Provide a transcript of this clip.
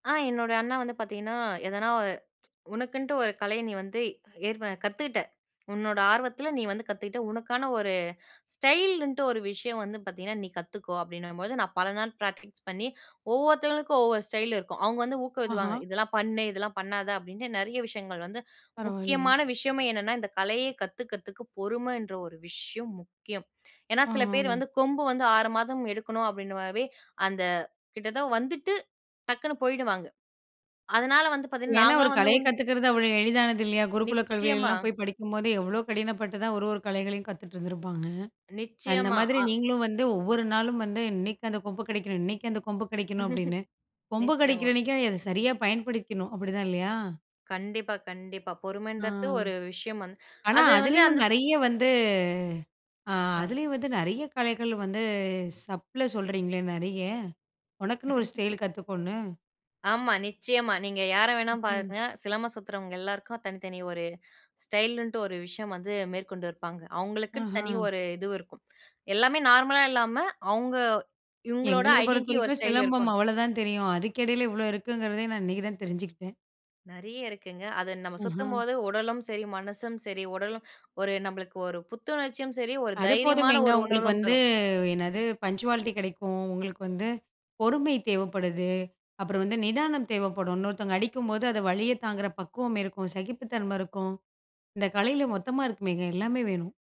ஆ என்னோட அண்ணா வந்து பாத்தீங்கன்னா, எதனா ஒ உனக்குன்ட்டு ஒரு கலைய நீ வந்து ஏற்ப கத்துக்கிட்ட. உன்னோட ஆர்வத்தில நீ வந்து கத்துக்கிட்ட. உனக்கான ஒரு ஸ்டைல்ன்ட்டு ஒரு விஷயம் வந்து பாத்தீங்கன்னா, நீ கத்துக்கோ அப்படீன்னும்போது, நா பல நாள் ப்ராக்டிஸ் பண்ணி, ஒவ்வொருத்தவங்களுக்கும் ஒவ்வொரு ஸ்டைலு இருக்கும். அவுங்க வந்து ஊக்குவிப்பாங்க. ஆஹா. "இதெல்லாம் பண்ணு, இதெல்லாம் பண்ணாத"அப்படீன்ட்டு, நெறைய விஷயங்கள் வந்து பரவால்லையே. முக்கியமான விஷயமே என்னன்னா, இந்த கலையை கத்துக்கிறதுக்கு, பொறுமைன்ற ஒரு விஷயம் முக்கியம். ஏன்னா சில பேர் ஆ. வந்து, "கொம்பு வந்து 6 மாதம் எடுக்கணும்." அப்படீன்ற மாதிரி, அந்த கிட்ட தான் வந்துட்டு, டக்குன்னு போய்டுவாங்க. அதனால வந்து பாத்தீங்கன்னா, ஏன்னா ஒரு நாங்களாம் வந்து கலைய உண் கத்துக்கிறது அவ்வளோ எளிதானது இல்லையா? குருக்குல நிச்சயமா. கல்விகள்லாம் போய் படிக்கும்போது, எவ்வளோ கடினப்பட்டு தான் 1, 1 கலைகளையும் கத்துட்ருந்துருப்பாங்க. அந்த நிச்சயமா. மாதிரி அ நீங்களும் வந்து, ஒவ்வொரு நாளும் வந்து, "இன்னைக்கு அந்த கொம்பு கெடைக்கணும் இன்னைக்கு அந்த கொம்பு கெடைக்கணும்." அப்படீன்னு. கொம்பு நிச்சயமா. கெடைக்கிறன்னைக்கு நீங்க அத சரியா பயன்படுத்திக்ணும், அப்படிதான் இல்லையா? கண்டிப்பா, கண்டிப்பா. அ, பொறுமன்றத்து ஒரு விஷயம் வந்து ஆனா அது வந்து அதிலேயும் அந்த ஸ் நெறைய வந்து, அ ஆ. அதுலேயும் வந்து நெறைய கலைகள் வந்து, சப்ல சொல்றீங்களே நெறைய, ஒனக்குன்னு ஒரு ஸ்டைல் கத்துக்கோன்னு. ஆமா, நிச்சயமா. நீங்க யார வேணாலும் ம்ஹ்ம். பாருங்க. சிலம்பம் சுத்துறவங்க எல்லாருக்கும், தனி தனி ஒரு ஸ்டைலுண்ட்டு ஒரு விஷயம் வந்து மேற்கொண்டு இருப்பாங்க. அவுங்களுக்குன்னு ஆஹா. தனி ஒரு இதுவு இருக்கும். எல்லாமே நார்மலா இல்லாம, அவுங்க இவுங்களோட எங்களுக்கு ஐடென்டி ஒரு பொறுத்தவரைக்கும் ஸ்டைலு சிலம்பம், இருக்கணும். அவ்வளதான் தெரியும். அதுக்கு எடையில இவ்வளோ இருக்குங்கிறதே, நான் இன்னைக்கு தான் தெரிஞ்சுக்கிட்டேன். நெறைய இருக்குங்க. அது நம்ம ம்ஹ்ம். சுத்தும்போது உடலும் சரி, மனசும் சரி, உடலும், ஒரு நம்பளுக்கு ஒரு புத்துணர்ச்சியும் சரி, ஒரு அது தைரியமான போதுமேங்க. ஒரு உங்களுக்கு உணர்வும் வந்து தரும். என்னது? பங்சுவாலிட்டி கெடைக்கும். உங்களுக்கு வந்து, பொறுமை தேவைப்படுது. அப்புறம் வந்து நிதானம் தேவைப்படும். இன்னொருத்தங்க அடிக்கும்போது, அத வலியத்தாங்குற பக்குவமிருக்கும். சகிப்புத்தன்மை இருக்கும். இந்த கலையில மொத்தமா இருக்குமேங்க, எல்லாமே வேணும்.